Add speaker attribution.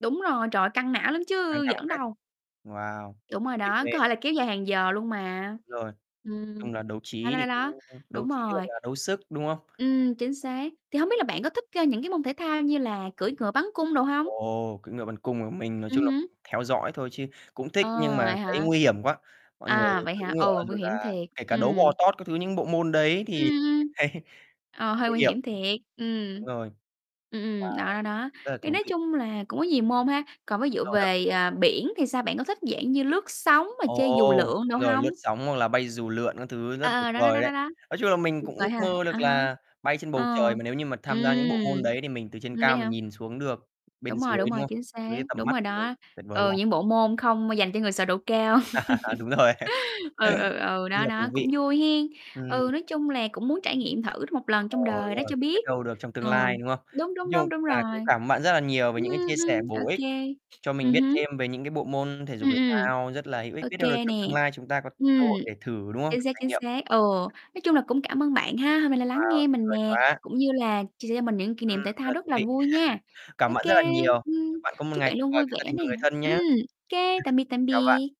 Speaker 1: Đúng rồi, trời ơi, căng não lắm
Speaker 2: Căng
Speaker 1: chứ
Speaker 2: thằng
Speaker 1: giỡn
Speaker 2: phết.
Speaker 1: đâu.
Speaker 2: Wow.
Speaker 1: Đúng rồi
Speaker 2: Việc
Speaker 1: đó,
Speaker 2: nè
Speaker 1: có thể là kéo dài hàng giờ luôn mà.
Speaker 2: Rồi.
Speaker 1: Ừm.
Speaker 2: Chung là đấu
Speaker 1: Đó,
Speaker 2: trí
Speaker 1: đó,
Speaker 2: thì
Speaker 1: đó, đó.
Speaker 2: cũng đấu
Speaker 1: Đúng
Speaker 2: trí hoặc
Speaker 1: rồi.
Speaker 2: là đấu sức, đúng không?
Speaker 1: Ừm, chính xác. Thì hông biết là bạn có thích, a, những cái môn thể thao như là cưỡi ngựa bắn cung đồ hông?
Speaker 2: Ồ, cưỡi ngựa bắn cung à? Mình nói chung
Speaker 1: Ừm
Speaker 2: là mình
Speaker 1: hứm.
Speaker 2: theo dõi thôi chứ cũng thích,
Speaker 1: Ờ,
Speaker 2: nhưng mà
Speaker 1: vậy
Speaker 2: thấy
Speaker 1: hả?
Speaker 2: nguy hiểm quá, mọi người
Speaker 1: À, vậy
Speaker 2: cưỡi
Speaker 1: hả?
Speaker 2: ngựa
Speaker 1: Ồ, nguy
Speaker 2: rồi
Speaker 1: hiểm
Speaker 2: là
Speaker 1: thiệt.
Speaker 2: kể cả đấu bò
Speaker 1: Ừm.
Speaker 2: tót các thứ, những bộ môn đấy
Speaker 1: Ừm,
Speaker 2: thì mình
Speaker 1: ừm.
Speaker 2: thấy
Speaker 1: Ờ, hơi
Speaker 2: nguy
Speaker 1: nguy
Speaker 2: hiểm.
Speaker 1: hiểm thiệt.
Speaker 2: Đúng
Speaker 1: Ừm.
Speaker 2: rồi.
Speaker 1: Ừm, ừm, đó,
Speaker 2: Wow,
Speaker 1: đó, đó.
Speaker 2: rất là
Speaker 1: Thì
Speaker 2: thú
Speaker 1: nói
Speaker 2: vị.
Speaker 1: chung là cũng có nhiều môn ha. Còn ví dụ
Speaker 2: Rồi đó.
Speaker 1: về, ờ, biển thì sao? Bạn có thích dạng như lướt sóng mà chơi dù
Speaker 2: Ồ,
Speaker 1: lượn đồ
Speaker 2: rồi lướt
Speaker 1: hông?
Speaker 2: sóng, hoặc là bay dù lượn các thứ rất
Speaker 1: À,
Speaker 2: tuyệt
Speaker 1: ờ, đó, đó,
Speaker 2: vời
Speaker 1: đó, đó,
Speaker 2: đấy.
Speaker 1: đó.
Speaker 2: Nói chung là mình
Speaker 1: Tuyệt
Speaker 2: cũng
Speaker 1: vời ha.
Speaker 2: ước mơ
Speaker 1: À
Speaker 2: được
Speaker 1: ha.
Speaker 2: là bay trên bầu
Speaker 1: Ờ.
Speaker 2: trời mà nếu như mà tham gia những bộ môn
Speaker 1: Ừm.
Speaker 2: đấy thì mình từ trên
Speaker 1: Ừm, vậy
Speaker 2: cao mình
Speaker 1: hả?
Speaker 2: nhìn xuống được bên
Speaker 1: Đúng rồi,
Speaker 2: dưới,
Speaker 1: đúng
Speaker 2: đúng
Speaker 1: rồi,
Speaker 2: không?
Speaker 1: chính xác,
Speaker 2: Dưới tầm
Speaker 1: đúng
Speaker 2: mắt
Speaker 1: rồi
Speaker 2: [unintelligible]
Speaker 1: đó.
Speaker 2: tuyệt vời
Speaker 1: Ừ,
Speaker 2: làm
Speaker 1: những bộ môn không m dành cho người sợ độ cao.
Speaker 2: Đúng rồi.
Speaker 1: Ừ, ừ, ừ,
Speaker 2: Rất
Speaker 1: đó,
Speaker 2: là
Speaker 1: đó,
Speaker 2: thú
Speaker 1: cũng
Speaker 2: vị.
Speaker 1: vui hén.
Speaker 2: Ừm.
Speaker 1: Ừ, nói chung là cũng muốn trải nghiệm thử [unintelligible] 1 lần
Speaker 2: Ờ,
Speaker 1: trong
Speaker 2: đúng
Speaker 1: đời đó
Speaker 2: rồi,
Speaker 1: cho
Speaker 2: biết
Speaker 1: biết.
Speaker 2: đâu được trong tương
Speaker 1: Ừ.
Speaker 2: lai, đúng không?
Speaker 1: Đúng,
Speaker 2: Nói
Speaker 1: đúng,
Speaker 2: chung
Speaker 1: đúng, đúng
Speaker 2: là
Speaker 1: rồi.
Speaker 2: cũng cảm ơn bạn rất là nhiều về
Speaker 1: Ừm,
Speaker 2: những cái chia sẻ
Speaker 1: ừm, ô
Speaker 2: bổ ích
Speaker 1: kê.
Speaker 2: cho mình
Speaker 1: Ừm
Speaker 2: biết
Speaker 1: hứm.
Speaker 2: thêm về những cái bộ môn thể dục,
Speaker 1: Ừm,
Speaker 2: thể
Speaker 1: ừm.
Speaker 2: thao rất là hữu ích.
Speaker 1: Ô
Speaker 2: Biết đâu được
Speaker 1: kê nè.
Speaker 2: trong tương lai chúng ta có cơ
Speaker 1: Ừm.
Speaker 2: hội để thử, đúng không?
Speaker 1: Chính
Speaker 2: Để
Speaker 1: xác,
Speaker 2: trải
Speaker 1: chính
Speaker 2: nghiệm.
Speaker 1: xác, ừ. Nói chung là cũng cảm ơn bạn ha, hôm nay là lắng
Speaker 2: Wow,
Speaker 1: nghe
Speaker 2: tuyệt
Speaker 1: mình
Speaker 2: vời
Speaker 1: nè,
Speaker 2: quá.
Speaker 1: cũng như là chia sẻ cho mình những kỷ
Speaker 2: Ừm,
Speaker 1: niệm thể
Speaker 2: rất
Speaker 1: thao
Speaker 2: là
Speaker 1: rất
Speaker 2: thú
Speaker 1: là
Speaker 2: vị.
Speaker 1: vui nha.
Speaker 2: Cảm
Speaker 1: Ô
Speaker 2: ơn bạn rất là
Speaker 1: kê,
Speaker 2: nhiều.
Speaker 1: ừm,
Speaker 2: Chúc bạn có một
Speaker 1: chúc
Speaker 2: ngày
Speaker 1: bạn
Speaker 2: tuyệt
Speaker 1: luôn
Speaker 2: vời
Speaker 1: vui
Speaker 2: với gia
Speaker 1: vẻ
Speaker 2: đình
Speaker 1: nè.
Speaker 2: và người thân
Speaker 1: Ừm,
Speaker 2: nhá.
Speaker 1: kê, tạm biệt, tạm
Speaker 2: Xin chào bạn.
Speaker 1: biệt!